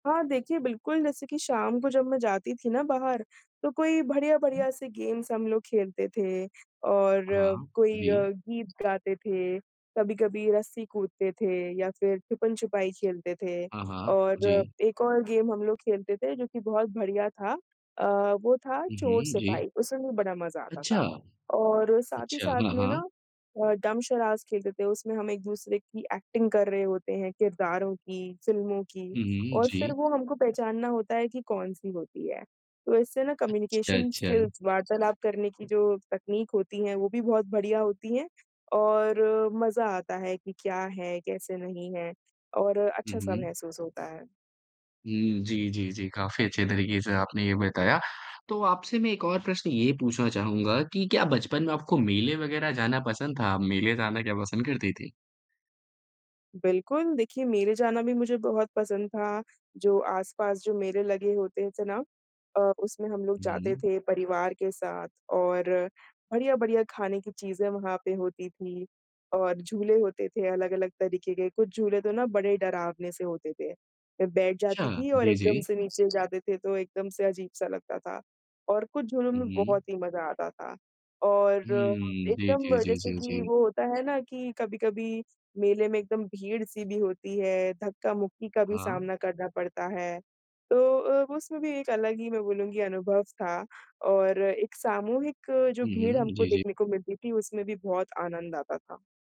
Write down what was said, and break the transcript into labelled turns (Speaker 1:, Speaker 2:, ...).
Speaker 1: हाँ, देखिए बिल्कुल जैसे की शाम को जब मैं जाती थी ना बाहर, तो कोई बढ़िया
Speaker 2: हुँ।
Speaker 1: बढ़िया से गेम्स हम लोग खेलते थे और अ,
Speaker 2: हाँ,
Speaker 1: कोई अ,
Speaker 2: जी।
Speaker 1: गीत गाते थे, कभी-कभी रस्सी कूदते थे या फिर छुपन-छुपाई खेलते थे
Speaker 2: हाँ, हाँ,
Speaker 1: और
Speaker 2: जी।
Speaker 1: एक और गेम हम लोग खेलते थे जो कि बहुत बढ़िया था, अ, वो था
Speaker 2: उ, हुँ, जी।
Speaker 1: चोर-सिपाही उसमे भी बड़ा मज़ा आता
Speaker 2: अच्छा।
Speaker 1: था। और, साथ ही
Speaker 2: अच्छा,
Speaker 1: साथ
Speaker 2: हाँ,
Speaker 1: में
Speaker 2: हाँ।
Speaker 1: ना अ, डम्ब शराड्स खेलते थे उसमें हम एक-दूसरे की एक्टिंग कर रहे होते हैं किरदारों की, फिल्मों की
Speaker 2: हुँ, हुँ,
Speaker 1: और फिर
Speaker 2: जी।
Speaker 1: वो हमको पहचानना होता है कि कौन-सी होती है। तो इससे ना
Speaker 2: अच्छा,
Speaker 1: कम्युनिकेशन
Speaker 2: अच्छा।
Speaker 1: स्किल्स वार्तालाप करने की जो तकनीक होती हैं वो भी बहुत बढ़िया होती हैं और मज़ा आता है कि क्या है, कैसे नहीं है और
Speaker 2: हुँ,
Speaker 1: अच्छा-सा
Speaker 2: हुँ।
Speaker 1: महसूस होता है।
Speaker 2: हुँ, जी, जी, जी, काफ़ी अच्छे तरीके से आपने ये बताया। तो आपसे मैं 1 और प्रश्न ये पूछना चाहूँगा कि क्या बचपन में आपको मेले वगैरह जाना पसंद था? आप मेले जाना क्या पसंद करती थी?
Speaker 1: बिल्कुल, देखिए मेरे जाना भी मुझे बहुत पसंद था, जो आस-पास जो मेरे लगे होते थे ना, अ, उसमें हम लोग
Speaker 2: हुँ,
Speaker 1: जाते
Speaker 2: हुँ।
Speaker 1: थे परिवार के साथ और बढ़िया-बढ़िया खाने की चीज़ें वहाँ पे होती थी। और झूले होते थे अलग-अलग तरीके के, कुछ झूले तो ना बड़े डरावने से होते थे, मैं बैठ जाती
Speaker 2: अच्छा।
Speaker 1: थी और
Speaker 2: जी,
Speaker 1: एकदम
Speaker 2: जी।
Speaker 1: से नीचे जाते थे तो एकदम से अजीब सा लगता था। और कुछ झूलों में
Speaker 2: हुँ, हुँ।
Speaker 1: बहुत ही मज़ा आता था और
Speaker 2: हुँ, जी,
Speaker 1: एकदम
Speaker 2: जी, जी,
Speaker 1: जैसे
Speaker 2: जी,
Speaker 1: कि
Speaker 2: जी।
Speaker 1: वो होता है ना कि कभी-कभी मेले में एकदम भीड़-सी भी होती है धक्का-मुक्की का भी
Speaker 2: हाँ।
Speaker 1: सामना करना पड़ता है, तो उसमें भी एक अलग ही मैं बोलूँगी अनुभव था और एक सामूहिक जो
Speaker 2: हुँ,
Speaker 1: भीड़
Speaker 2: हुँ,
Speaker 1: हमको
Speaker 2: जी, जी।
Speaker 1: देखने को मिलती थी उसमे भी बहुत आनंद आता था।